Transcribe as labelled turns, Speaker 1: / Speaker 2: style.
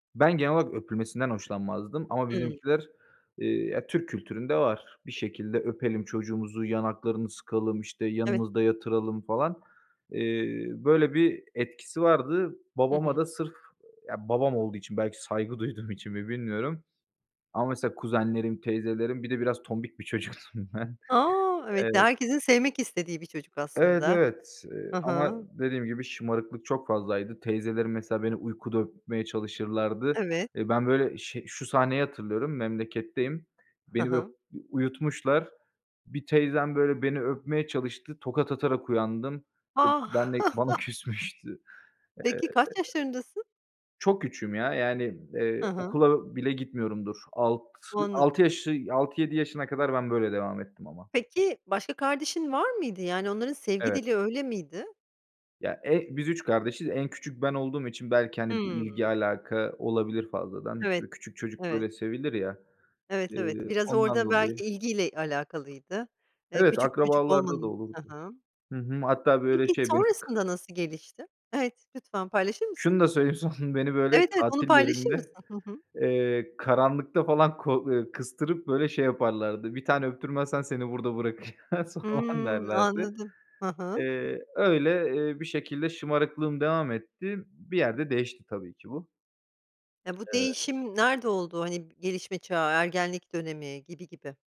Speaker 1: Ben genel olarak öpülmesinden hoşlanmazdım ama
Speaker 2: Hıı.
Speaker 1: bizimkiler, eee ya, Türk kültüründe var. Bir şekilde öpelim çocuğumuzu, yanaklarını sıkalım, işte,
Speaker 2: Evet.
Speaker 1: yanımızda yatıralım falan. Eee, böyle bir etkisi vardı.
Speaker 2: Hı
Speaker 1: Babama
Speaker 2: hı.
Speaker 1: da sırf, ya, babam olduğu için, belki saygı duyduğum için mi bilmiyorum ama mesela kuzenlerim, teyzelerim Bir de biraz tombik bir çocuktum ben.
Speaker 2: A! Evet ve
Speaker 1: Evet.
Speaker 2: herkesin sevmek istediği bir çocuk
Speaker 1: Evet,
Speaker 2: aslında.
Speaker 1: evet, eee,
Speaker 2: Hı
Speaker 1: ama
Speaker 2: hı.
Speaker 1: dediğim gibi şımarıklık çok fazlaydı. Teyzelerim mesela beni uykuda öpmeye çalışırlardı.
Speaker 2: Evet.
Speaker 1: Eee, ben böyle şe şu sahneyi hatırlıyorum: Memleketteyim,
Speaker 2: Hı
Speaker 1: beni böyle u
Speaker 2: hı.
Speaker 1: uyutmuşlar. Bir teyzem böyle beni öpmeye çalıştı, tokat atarak uyandım. E,
Speaker 2: A!
Speaker 1: ben de bana küsmüştü. Eee
Speaker 2: Peki, kaç yaşlarındasın?
Speaker 1: çok küçüğüm ya, yani, eee,
Speaker 2: Hı hı.
Speaker 1: okula bile gitmiyorumdur, alt altı
Speaker 2: Anladım.
Speaker 1: yaşı 6-7 yaşına kadar ben böyle devam ettim ama.
Speaker 2: Peki, başka kardeşin var mıydı, yani, onların sevgi
Speaker 1: Evet.
Speaker 2: dili öyle miydi?
Speaker 1: Ya, e biz 3 kardeşiz, en küçük ben olduğum için belki, hani, bir
Speaker 2: Hıı.
Speaker 1: ilgi alaka olabilir fazladan.
Speaker 2: Evet,
Speaker 1: Bö küçük çocuklar
Speaker 2: evet.
Speaker 1: hep sevilir ya,
Speaker 2: Evet, evet.
Speaker 1: eee,
Speaker 2: Biraz
Speaker 1: ondan
Speaker 2: orada
Speaker 1: dolayı.
Speaker 2: belki ilgiyle alakalıydı. Eee,
Speaker 1: Evet,
Speaker 2: küçük çocuk
Speaker 1: akrabalarda da
Speaker 2: olmanın Hı
Speaker 1: olurdu.
Speaker 2: hı.
Speaker 1: Hı hı. Hatta böyle,
Speaker 2: Peki,
Speaker 1: şey, beni k
Speaker 2: sonrasında nasıl gelişti? Evet, lütfen paylaşır mısın?
Speaker 1: Şunu da söyleyeyim; son, beni, böyle,
Speaker 2: Evet, evet, onu
Speaker 1: tatil
Speaker 2: paylaşır mısın?
Speaker 1: yerinde,
Speaker 2: Hı hı.
Speaker 1: eee, karanlıkta falan ko ııı, kıstırıp, böyle, şey yaparlardı, "Bir tane öptürmezsen seni burada bırakacağız." falan
Speaker 2: Hımm,
Speaker 1: derlerdi.
Speaker 2: anladım. Hı hı.
Speaker 1: Eee, öyle, eee, bir şekilde şımarıklığım devam etti, bir yerde değişti tabii ki bu.
Speaker 2: Ya, bu
Speaker 1: Eee
Speaker 2: değişim nerede oldu? Hani, gelişme çağı, ergenlik dönemi gibi gibi?